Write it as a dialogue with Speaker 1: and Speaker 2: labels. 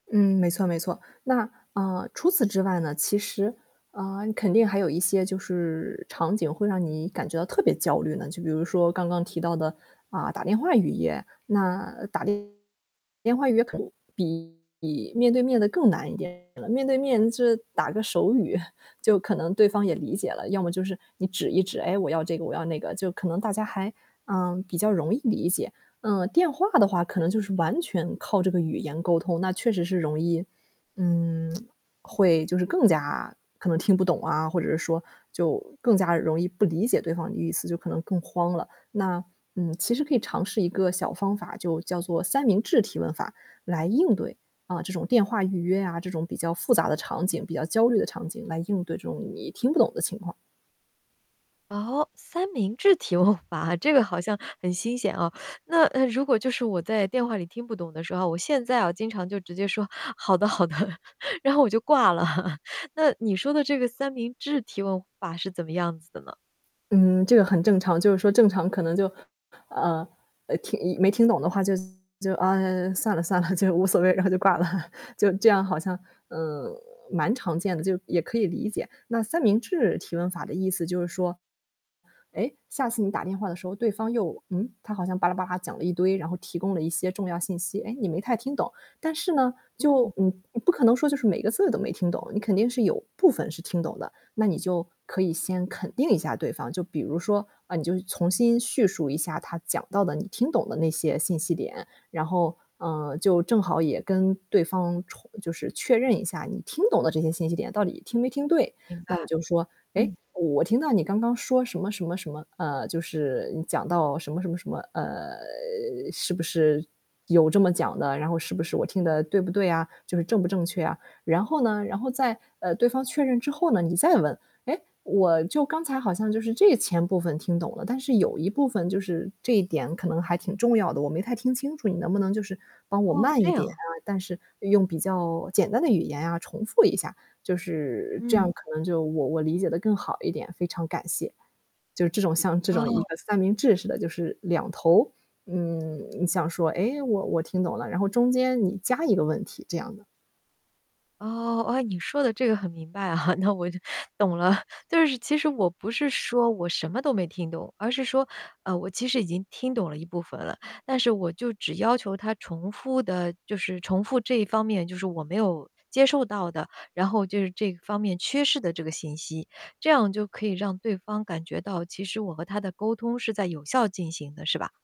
Speaker 1: 嗯，没错没错。那，嗯，除此之外呢，其实，嗯，肯定还有一些就是场景会让你感觉到特别焦虑呢。就比如说刚刚提到的，嗯，打电话语言，那打电电话语言可能比比面对面的更难一点了。面对面就是打个手语，就可能对方也理解了。要么就是你指一指“哎，我要这个，我要那个”，就可能大家还，嗯，比较容易理解。嗯，电话的话可能就是完全靠这个语言沟通，那确实是容易，嗯，会就是更加可能听不懂啊，或者是说，就更加容易不理解对方的意思，就可能更慌了。那，嗯，其实可以尝试一个小方法，就叫做三明治提问法来应对，嗯，这种电话预约啊，这种比较复杂的场景，比较焦虑的场景来应对这种你听不懂的情况。
Speaker 2: 哦，三明治提问法，这个好像很新鲜啊。那，呃，如果就是我在电话里听不懂的时候，我现在啊，经常就直接说：“好的好的”，然后我就挂了。那你说的这个三明治提问法是怎么样子的呢？
Speaker 1: 嗯，这个很正常。就是说正常可能就，嗯，听一没听懂的话就就“啊，算了算了，就无所谓”，然后就挂了。就这样好像，嗯，蛮常见的，就也可以理解。那三明治提问法的意思就是说，哎，下次你打电话的时候对方又嗯，他好像吧啦吧啦讲了一堆，然后提供了一些重要信息，哎，你没太听懂。但是呢，
Speaker 2: 嗯。
Speaker 1: 就嗯，你不可能说就是每个字都没听懂，你肯定是有部分是听懂的。那你就可以先肯定一下对方，就比如说，嗯，你就重新叙述一下他讲到的你听懂的那些信息点，然后，嗯，就正好也跟对方重就是确认一下你听懂的这些信息点到底听没听对。
Speaker 2: 明白，
Speaker 1: 那你就说：“诶，
Speaker 2: 嗯。
Speaker 1: 我听到你刚刚说什么什么什么。嗯，就是，你讲到什么什么什么，呃，是不是有这么讲的，然后是不是我听的对不对啊？”就是正不正确啊。然后呢，然后在，呃，对方确认之后呢，你再问，“诶，我就刚才好像就是这前部分听懂了，但是有一部分就是这一点可能还挺重要的，我没太听清楚，你能不能就是帮我
Speaker 2: 哦。
Speaker 1: 慢
Speaker 2: 这
Speaker 1: 一点
Speaker 2: 样。
Speaker 1: 啊，但是用比较简单的语言啊，重复一下，就是这
Speaker 2: 嗯。
Speaker 1: 样可能就我我理解的更好一点，非常感谢。”就是这种像这种
Speaker 2: 哦。
Speaker 1: 一个三明治式的，就是两头，嗯，你想说，诶，我我听懂了，然后中间你加一个问题这样的。
Speaker 2: 哦。哦，诶，你说的这个很明白，那我就，懂了。就是其实我不是说我什么都没听懂，而是说，呃，我其实已经听懂了一部分了，但是我就只要求他重复的就是重复这一方面就是我没有接受到的，然后就是这方面缺失的这个信息。这样就可以让对方感觉到，其实我和他的沟通是在有效进行的，是吧？